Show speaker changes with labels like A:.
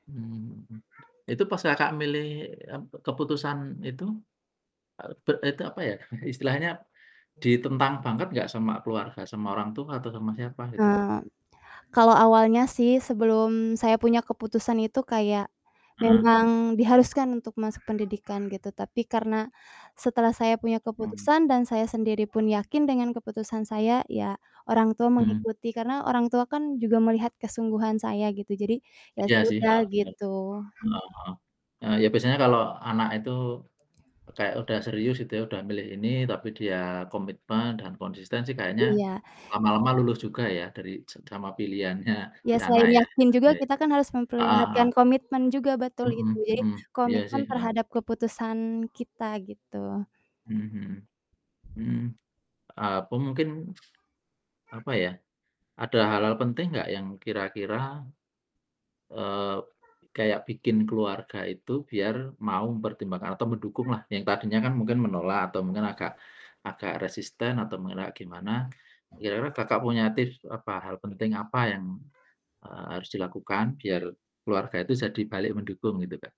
A: Hmm. Itu pas Kakak milih, eee, keputusan itu, eee, per itu apa ya, istilahnya ditentang banget gak sama keluarga, orang tua atau sama siapa itu?
B: Eee, kalau awalnya sih sebelum saya punya keputusan itu kayak
A: Heeh.
B: memang diharuskan untuk masuk pendidikan, gitu. Tapi karena setelah saya punya
A: Hmm.
B: keputusan dan saya sendiripun yakin dengan keputusan saya, ya orang tua
A: Hmm.
B: mengikuti karena orang tua kan juga melihat kesungguhan saya, gitu. Jadi ya
A: Iya sih
B: sudah,
A: heeh, bener.
B: gitu.
A: Heeh heeh. Eee, ya biasanya kalau anak itu kayak udah serius gitu ya, udah milih ini, tapi dia komitmen dan konsisten sih kayaknya
B: Iya.
A: lama-lama luluh juga ya, dari se sama pilihannya si
B: Ya
A: anak
B: selain
A: ya,
B: yakin juga
A: ya.
B: kita kan harus
A: Heeh heeh.
B: memperlihatkan komitmen juga, betul itu.
A: Hmm
B: Jadi
A: hmm. Iya
B: komitmen
A: sih, heeh.
B: terhadap keputusan kita, gitu.
A: Hmm hmm. Hmm, eee, apa mungkin, apa ya, ada hal-hal penting enggak yang kira-kira, eee, kayak bikin keluarga itu biar mau mempertimbangkan atau mendukung lah, yang tadinya kan mungkin menolak atau mungkin agak agak resisten atau mengelak gimana. Kira-kira Kakak punya tips apa, hal penting apa yang, eee, harus dilakukan biar, keluarga itu jadi balik mendukung? Gitu Kak.